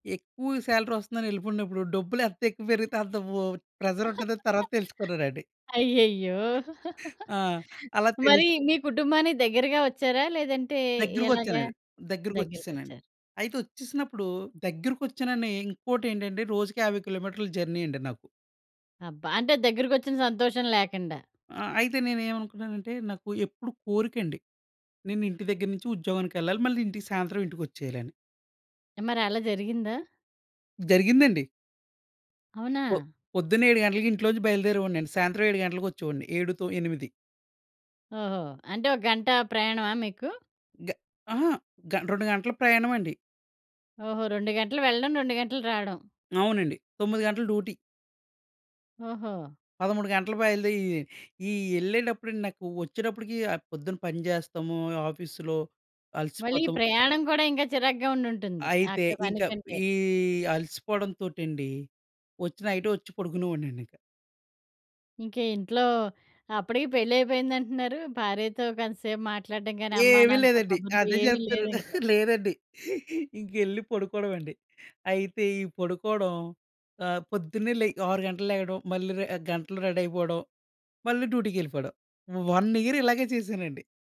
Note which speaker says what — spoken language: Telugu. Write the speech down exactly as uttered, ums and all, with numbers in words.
Speaker 1: ఎక్కువ సాలరీ వస్తుందని యెళ్ళిపోయినప్పుడు డబ్బులెంత ఎక్కువ పెరిగితే అంత ప్రెషర్ ఉంటదని తర్వాత తెలుసుకున్నానండి.
Speaker 2: అయ్యయ్యో!
Speaker 1: ఆ! అలా తెలుసు
Speaker 2: మరి మీ కుటుంబానికి దగ్గరగా వచ్చారా? లేదంటే ఎలాగా?
Speaker 1: దగ్గరకొచ్చానండి. దగ్గరకొచ్చేసనండి.
Speaker 2: దగ్గరకొచ్చారు.
Speaker 1: అయితే వచ్చేసినప్పుడు దగ్గరకొచ్చానని ఇంకోటి ఏంటంటే రోజుకి యాభై కిలోమీటర్ల జర్నీ అండి నాకు.
Speaker 2: అబ్బా! అంటే దగ్గరికొచ్చిన సంతోషం లేకండా.
Speaker 1: ఆహ్, అయితే నేనేవనుకున్నానంటే నాకు ఎప్పుడొక కోరికండి. నేను ఇంటి దగ్గర నించి ఉద్యోగానికెళ్ళాలి. మళ్ళీ ఇంటికి సాయంత్రం, ఇంటికొచ్చేయాలని.
Speaker 2: మరి అలా జరిగిందా?
Speaker 1: జరిగిందండి.
Speaker 2: అవునా?
Speaker 1: పొ పొద్దున్న ఏడు గంటలకి ఇంట్లో నుంచి బయలుదేరేవాడినండి. సాయంత్రం ఏడు గంటలకొచ్చేవాడిని. ఏడుతో, ఎనిమిది.
Speaker 2: ఓహో! అంటే ఒక గంట ప్రయాణమా మీకు?
Speaker 1: గ అహా! గ రెండు గంటల ప్రయాణమండి.
Speaker 2: ఓహో! రెండు గంటలు వెళ్ళడం, రెండు గంటలు రాడం.
Speaker 1: అవునండి. తొమ్మిది గంటలు డ్యూటీ.
Speaker 2: ఓహో!
Speaker 1: పదమూడు గంటలు బయలుదేయి ఈ యెళ్ళేటప్పుడండి నాకు వచ్చేటప్పడికి ఆహ్, పొద్దున్న పనిజేస్తాము ఆఫీసులో,
Speaker 2: మళ్ళీ
Speaker 1: అలసిపోతము.
Speaker 2: ప్రయాణం కూడా ఇంకా చిరాగ్గా ఉండుంటుంది.
Speaker 1: అయితే
Speaker 2: అక్కడ పని
Speaker 1: ఇంక
Speaker 2: కంటే.
Speaker 1: ఈ అలసిపోవడంతోటెండి, వచ్చి నైటే వచ్చి పడుకునేవాడినండి ఇంక.
Speaker 2: ఇంకా ఇంట్లో అప్పడికి పెళ్లయిపోయింది అంటున్నారు. భార్యతో కొంతసేపు మాట్లాడడం గాని, అమ్మ
Speaker 1: ఏవీ
Speaker 2: నాన్నతో
Speaker 1: లేదండి.
Speaker 2: కబుర్లు
Speaker 1: అదే
Speaker 2: ఏమి
Speaker 1: చెప్తున్నాను.
Speaker 2: లేదింకా.
Speaker 1: లేదండి. ఇంకెళ్ళి పడుకోడమే అండి. అయితే ఈ పడుకోడం ఆహ్, పొద్దున్నే లె ఆరు గంటలకి లెగడం. మళ్ళీ రె గంటలో రెడీ అయిపోడం, మళ్ళీ డ్యూటీకెళ్ళిపోడం. వన్ ఇయర్ ఇలాగే చేశానండి.